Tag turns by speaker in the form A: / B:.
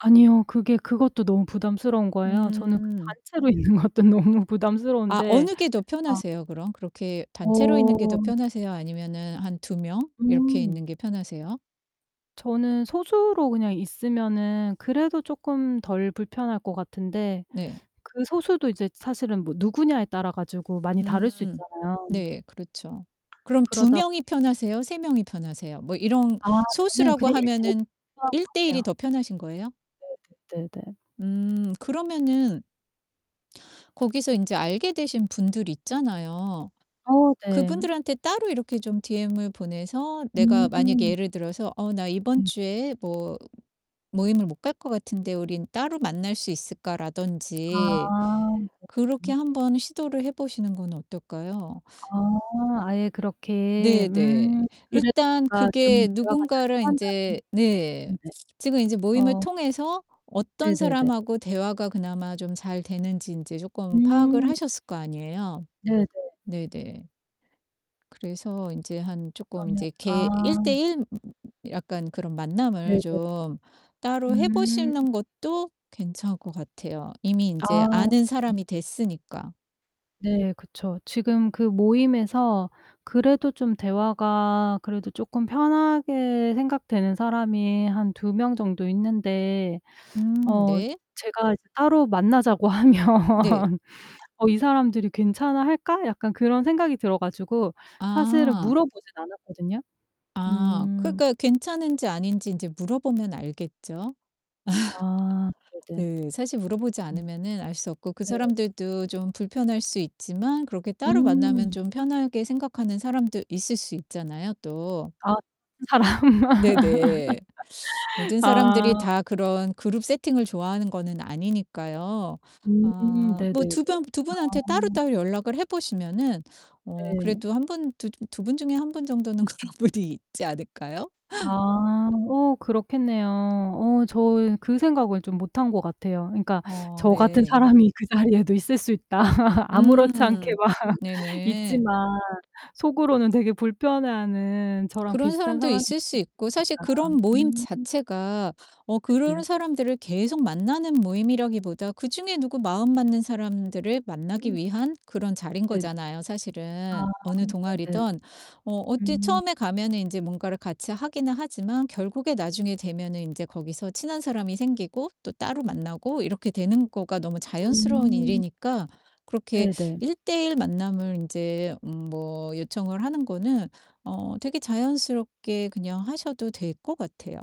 A: 아니요. 그게 그것도 너무 부담스러운 거에요. 저는 그
B: 음.
A: 단체로 있는 것도 너무
B: 아
A: 부담스러운데
B: 어느 게 더
A: 아.
B: 편하세요 그럼? 그렇게 단체로 있는 게 더
A: 어.
B: 편하세요? 아니면은 한 2 명 이렇게
A: 음.
B: 있는 게 편하세요?
A: 저는 소수로 그냥 있으면은 그래도 쪼끔 덜 불편할 것 같은데
B: 네.
A: 그 소수도 이제 사실은 뭐 누구냐에 따라 가지고 많이 다를 수
B: 음.
A: 있잖아요.
B: 네 그렇죠. 그럼 2
A: 그러다
B: 명이 편하세요, 3 명이 편하세요? 뭐 이런
A: 아 저는
B: 소수라고
A: 그냥 1:1
B: 하면은
A: [unintelligible] 것
B: 1:1 이
A: 같아요.
B: 더 편하신 거예요?
A: 네네 네네.
B: 음. 그러면은 거기서 인제 알게 되신 분들 있잖아요.
A: 어 네.
B: 그분들한테 따로 이렇게 좀 DM을 보내서 내가 만약에
A: 음.
B: 예를 들어서 "어 나 이번
A: 음.
B: 주에 뭐 모임을 못 갈 것 같은데 우린 따로 만날 수 있을까?" 라든지
A: 아.
B: 그렇게
A: [unintelligible]
B: 한번 시도를 해 보시는 건 어떨까요?
A: 아 아예 그렇게
B: 네 네.
A: 음. 그래야
B: 일단
A: 내가 좀
B: 그게
A: 대화가 잘
B: 누군가를
A: 통한다는
B: 인제 네
A: 음 네.
B: 지금 인제 모임을
A: 어.
B: 통해서 어떤
A: 네네네.
B: 사람하고 대화가 그나마 좀 잘 되는지 인제 쪼끔 파악을
A: 음.
B: 하셨을 거 아니에요.
A: 네네.
B: 네 네. 그래서 인제 한 쪼끔
A: 그러면
B: 인제 개 일 대
A: 아.
B: 일 약간 그런
A: 네네.
B: 만남을 좀 따로 해
A: 음.
B: 보시는 것도 괜찮을 것 같아요. 이미
A: 아
B: 인제 아는
A: 네.
B: 사람이 됐으니까.
A: 네 그쵸. 지금 그 모임에서 그래도 좀 대화가 그래도 쪼끔 편하게 생각되는 사람이 한 2 명 정도 있는데
B: 음
A: 어
B: 네.
A: 제가 이제 따로 만나자고 하면
B: 네.
A: '어 이 사람들이 괜찮아 할까?' 약간 그런 생각이 들어 가지고 사실은
B: 아.
A: 물어 보진 않았거든요.
B: 아
A: 음.
B: 그러니까 괜찮은지 아닌지 인제 물어보면 알겠죠?
A: 아 네네.
B: 네 사실 물어 보지
A: 음.
B: 않으면은 알 수 없고 그
A: 네.
B: 사람들도 좀 불편할 수 있지만 그렇게 따로 만나면
A: 음.
B: 좀 편하게 생각하는 사람도 있을 수 있잖아요 또.
A: 아 [unintelligible] 사람.
B: 네네. 모든 사람들이
A: 아.
B: 다 그런 그룹 세팅을 좋아하는 거는 아니니까요. 아
A: 음
B: 뭐
A: 네네네.
B: 2 병 2
A: 아.
B: 분한테 따로따로 연락을 해 보시면은 어
A: 네.
B: 그래도 1 분 두 두 분 중에 1 분 정도는 그런 분이 있지 않을까요?
A: 아. 어 그렇겠네요. 어 저는 그 생각을 좀 못한 거 같아요. 그러니까
B: 어
A: 저 같은
B: 네.
A: 사람이 그 자리에도 있을 수 있다. 아무렇지 않게
B: 음.
A: 막
B: 네네.
A: 있지만 속으로는 되게 불편해하는 저랑
B: 그런
A: 비슷한
B: 사람도
A: 사람이
B: 있을
A: 있을
B: 수 있고
A: 수도
B: 사실
A: 있겠다.
B: 그런 모임
A: 음.
B: 자체가 어
A: 네네.
B: 그런 사람들을 계속 만나는 모임이라기보다 그중에 누구 마음 맞는
A: 음
B: 사람들을 만나기
A: 음.
B: 위한 그런 자리인
A: 네네.
B: 거잖아요 사실은.
A: 아
B: 어느
A: 네네.
B: 동아리든. 어 어찌
A: 음.
B: 처음에 가면은 이제 뭔가를 같이 하긴 하지만 결국에 나중에 되면은 인제 거기서 친한 사람이 생기고 또 따로 만나고 이렇게 되는 거가 너무 자연스러운
A: 음.
B: 일이니까 그렇게
A: 네네.
B: 1:1 만남을 인제 음 뭐 요청을 하는 거는 어 되게 자연스럽게 그냥 하셔도 될 것 같아요.